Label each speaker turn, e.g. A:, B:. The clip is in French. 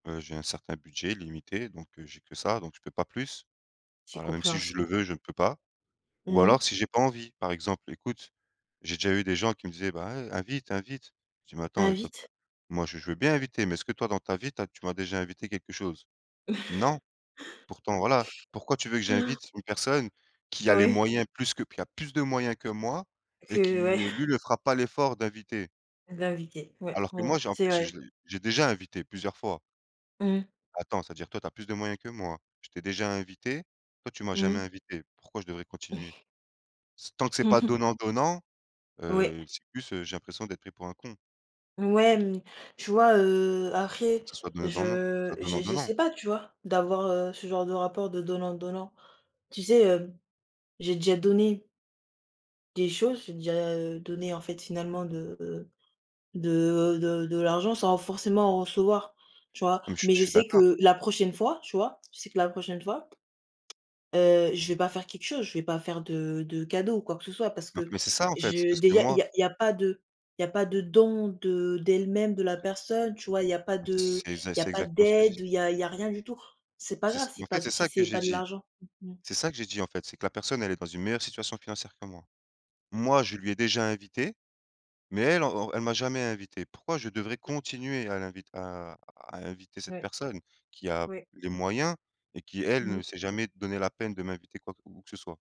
A: Heu, j'ai un certain budget, limité, donc heu, j'ai que ça, donc je peux pas plus.
B: C'est
A: Alors même si je le
B: compréhensible.
A: veux, je ne peux pas. Ou
B: Mmh mh.
A: alors si j'ai pas envie, par exemple, écoute, j'ai déjà eu des gens qui me disaient: «Bah, ouais, invite, invite», je dis: «Mais attends,
B: Invite.
A: moi, je je veux bien inviter, mais est-ce que toi, dans ta vie, tu as tu m'as déjà invité quelque chose? Non, pourtant voilà.» Pourquoi tu veux que j'invite une personne qui a les
B: Oui.
A: moyens plus que qui a plus de moyens que moi et
B: Qu'ouais
A: qui, heu, lui, le fera pas l'effort d'inviter.
B: D'inviter, ouais
A: Alors que moi,
B: bon.
A: j'ai en
B: C'est
A: plus,
B: vrai.
A: je l'ai j'ai déjà invité plusieurs fois.
B: Mmh.
A: Attends, c'est-à-dire, toi, tu as plus de moyens que moi, je t'ai déjà invité, toi, tu m'as jamais
B: Mmh.
A: invité, pourquoi je devrais continuer? Ce tant que c'est pas
B: Mmh mh.
A: donnant-donnant,
B: Oui.
A: heu, c'est plus, heu, j'ai l'impression d'être pris pour un con.
B: Ouais, mmh, tu vois, heu, après,
A: Que ça soit donnant-donnant.
B: je
A: Ce
B: j'e
A: donnant-donnant.
B: j'essais pas, tu vois, d'avoir, heu, ce genre de rapport de donnant-donnant. Tu sais, hem, j'ai déjà donné des choses, j'ai déjà, heu, donné, en fait, finalement de heu, de de de l'argent sans forcément en recevoir, tu vois?
A: Non mais, je suis
B: Mais
A: je
B: je
A: suis
B: sais
A: d'accord.
B: que la prochaine fois, tu vois? Je sais que la prochaine fois, heu, je vais pas faire quelque chose, je vais pas faire de de cadeaux ou quoi que ce soit parce
A: Mais en
B: que
A: f mais c'est ça, en fait,
B: je
A: parce que
B: déjà il
A: moi
B: y a il y a pas de il y a pas de don de d'elle-même, de la personne, tu vois? Il y a pas de
A: c'est c'est
B: il y a
A: c'est
B: pas
A: exactement ce que j'ai dit.
B: d'aide, il y a il y a rien du tout. C'est pas
A: C'est ç
B: grave si
A: mais, en fait,
B: pas
A: c'est
B: si
A: ça que
B: c'est
A: j'ai
B: pas de
A: dit,
B: l'argent. [unintelligible]
A: c'est ça que j'ai dit, en fait, c'est que la personne, elle est dans une meilleure situation financière que moi. Moi, je lui ai déjà invité, mais elle en en elle m'a jamais invité. Pourquoi je devrais
B: [unintelligible]
A: continuer à l'invit à à inviter cette
B: Ouais.
A: personne qui a
B: Oui.
A: les moyens et qui elle
B: Mmh mh.
A: ne s'est jamais donné la peine de m'inviter quoi que où où que ce soit.